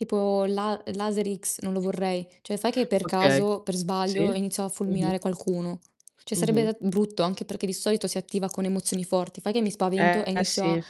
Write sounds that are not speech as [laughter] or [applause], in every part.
Tipo la laser X non lo vorrei. Cioè, fai che per Okay. caso, per Sì. sbaglio, iniziano a Mh-mh. fulminare qualcuno. Cioè Mh-mh. sarebbe brutto anche perché di solito si attiva con emozioni forti. Fai che mi spavento e Eh, inizio a sì.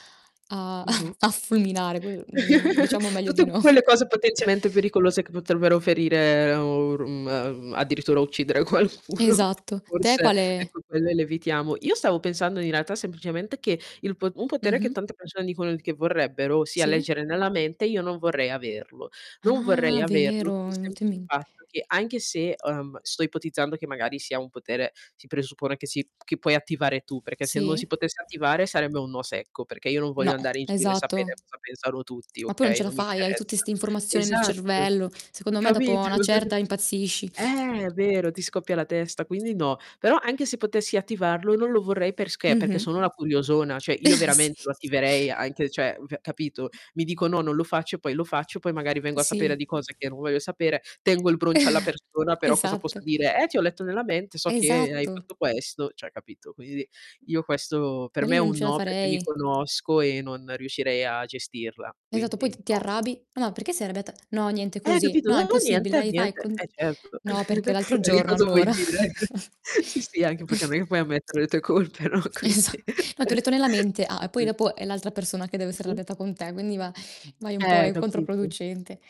a Mh-mh. [chuckles] a fulminare. Que mhmm, [chuckles] diciamo meglio di Tutte no. quelle cose potenzialmente pericolose, che potrebbero ferire, o r mhmm, mhmm, addirittura uccidere qualcuno, Esatto. Te forse, quale? ecco, quelle le evitiamo. Io stavo pensando, in realtà, semplicemente che il po un potere che Mh-mh. tante persone dicono che vorrebbero, sia Sì. leggere nella mente, io non vorrei averlo. Non vorrei Ah, averlo per vero, mi il è venuto in semplice mente. fatto che anche se uhm, sto ipotizzando che magari sia un potere si presuppone che si che puoi attivare tu, perché se non Sì. si potesse attivare sarebbe un no secco, perché io non No, voglio andare in giro, e esatto. sapere cosa pensano tutti, Ma poi non okay, ce la non mi fai, hai tutte interessa. 'ste informazioni nel Esatto. cervello. Secondo me, dopo Capito? a 'na [chuckles] certa impazzisci. Eh, vero, ti scoppia la testa, quindi no. Però, anche se potessi attivarlo non lo vorrei, perché, perché Mh-mh. sono una curiosona, cioè, io [chuckles] veramente Sì. lo attiverei anche cioè, pe capito? Mi dico: "No, non lo faccio." Poi lo faccio, poi magari vengo a sapere Sì. di cose che non voglio sapere. Tengo il broncio alla [chuckles] persona, però cosa posso Esatto. dire: "Eh, ti ho letto nella mente, so che hai Esatto. fatto questo." Cioè, capito. Quindi io questo per Ma me lì è non un ce la no, perché mi farei. conosco e non riuscirei a gestirla, Esatto, quindi poi t ti no. arrabbi. "Ma, no, ma perché sei arrabbiata?" "No, niente, Eh, così." capito? "No, è “Non ho impossibile. niente. Dai, vai, Niente.“ Eh conti" certo. "No, perché l'altro [chuckles] E che giorno, cosa vuoi allora" dire? [chuckles] Sì, sì, anche perché [chuckles] mic puoi ammettere le tue colpe? No, Esa quindi "No, ti ho letto nella [chuckles] mente." "Ah." E, poi [unintelligible] dopo è l'altra persona che deve essere Mh-mh. arrabbiata con te, quindi va vai un po' Eh, è capito. controproducente.